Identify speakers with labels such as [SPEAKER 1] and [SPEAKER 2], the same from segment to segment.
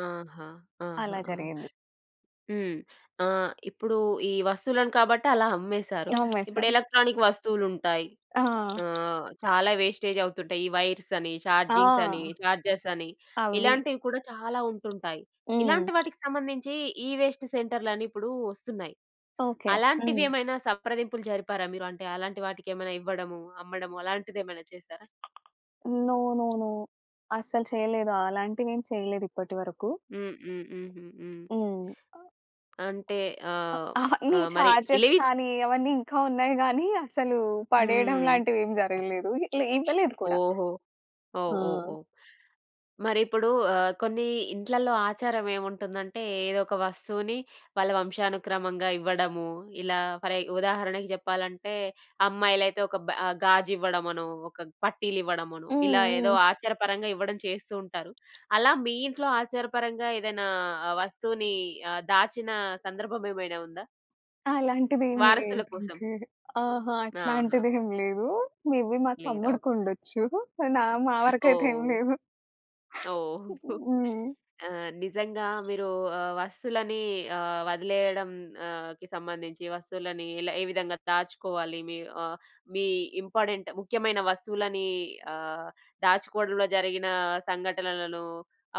[SPEAKER 1] ఆహా! ఆహా!
[SPEAKER 2] అలా
[SPEAKER 1] ఆ!
[SPEAKER 2] జరిగింది.
[SPEAKER 1] హ్మ్. ఆహ్, ఇప్పుడూ ఈ వస్తువులను కాబట్టి అలా అమ్మేసారు. ఇప్పుడు
[SPEAKER 2] నమ్మేశాం.
[SPEAKER 1] ఎలక్ట్రానిక్ వస్తువులుంటాయి,
[SPEAKER 2] ఆ!
[SPEAKER 1] ఆహ్, చాలా వేస్టేజవుతుంటాయి ఈ వైర్సని,
[SPEAKER 2] ఆ!
[SPEAKER 1] చార్జింగ్సని, చార్జర్సని,
[SPEAKER 2] అవ్వి.
[SPEAKER 1] ఇలాంటివి కూడా చాలా ఉంటుంటాయి.
[SPEAKER 2] హ్మ్.
[SPEAKER 1] ఇలాంటి వాటికి సంబంధించి ఈ-వేస్ట్ సెంటర్లని ఇప్పుడు ఒస్తున్నాయి.
[SPEAKER 2] ఓకే. హ్మ్.
[SPEAKER 1] అలాంటివేమైనా సంప్రదింపులు జరిపారా మీరు? అంటే, అలాంటి వాటికేమైనా ఇవ్వడము, అమ్మడము అలాంటిదేమైనా చేశారా?
[SPEAKER 2] No, no, no. అస్సలు చెయ్యలేదు. అలాంటివేమి చెయలేదు ఇప్పటివరకు.
[SPEAKER 1] హ్మ్. హ్మ్. హుహు. హ్మ్.
[SPEAKER 2] హ్మ్.
[SPEAKER 1] అంటే,
[SPEAKER 2] అ
[SPEAKER 1] ఆహ్,
[SPEAKER 2] అహ! నీ
[SPEAKER 1] ఆహ్, మరి
[SPEAKER 2] చార్జర్స్
[SPEAKER 1] ఇలివిచ్
[SPEAKER 2] కానీ, అవన్నీ ఇంకా ఉన్నాయి గానీ, అసలూ పడేయడం
[SPEAKER 1] హ్మ్.
[SPEAKER 2] లాంటివేమి జరగలేదు. లే. ఇవ్వలేదు కూడా.
[SPEAKER 1] ఓహో! ఓహ్!
[SPEAKER 2] ఆ!
[SPEAKER 1] ఓహ్! ఓహ్! మరిప్పుడూ ఆహ్, కొన్ని ఇంట్లల్లో ఆచారమేవుంటుందంటే, ఏదొక వస్తువుని వాళ్ళ వంశానుక్రమంగా ఇవ్వడము. ఇలా ఫరె ఉదాహరణకి జెప్పాలంటే, అమ్మాయిలైతే ఒక బె ఆహ్, గాజివ్వడమనో, ఒక పట్టీలివ్వడమనో,
[SPEAKER 2] హ్మ్.
[SPEAKER 1] ఇలా ఏదో
[SPEAKER 2] హ్మ్.
[SPEAKER 1] ఆచారపరంగా ఇవ్వడం చేస్తూ ఉంటారు. అలా మీ ఇంట్లో ఆచారపరంగా ఏదైనా వస్తువునీ ఆహ్, దాచినా సందర్భమేమైనా ఉందా?
[SPEAKER 2] అలాంటిదేమి
[SPEAKER 1] వారసుల కోసం.
[SPEAKER 2] లేదంటే అహ!
[SPEAKER 1] ఆహా!
[SPEAKER 2] అట్లాంటిదేం లేదూ. మే‌‌బీ మా
[SPEAKER 1] లేదు. ఓహ్!
[SPEAKER 2] తమ్ముడికుండొచ్చు. నా మా వరకయితే ఏమి
[SPEAKER 1] ఓహ్!
[SPEAKER 2] లేవు.
[SPEAKER 1] ఓహ్!
[SPEAKER 2] హ్మ్.
[SPEAKER 1] ఆ! నిజంగా మీరూ ఆహ్, వస్తువులని ఆహ్, వదిలెయడం ఆహ్, కి సంబంధించి వస్తువులని ఎల ఏ విధంగా దాచుకోవాలి, మీ ఆహ్, మీ ఇంపార్టెంట్, ముఖ్యమైన వస్తువులనీ ఆహ్, దాచుకోడంలో జరిగినా సంఘటనలను,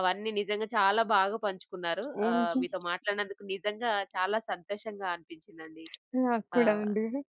[SPEAKER 1] అవన్నీ నిజంగా చాలా బాగా పంచుకున్నారు. ఆహ్,
[SPEAKER 2] హుహు.
[SPEAKER 1] మీతో మాట్లాడినందుకు నిజంగా చాలా సంతోషంగా అనిపించిందండి.
[SPEAKER 2] నాకు కూడా
[SPEAKER 1] ఆహ్
[SPEAKER 2] అండి.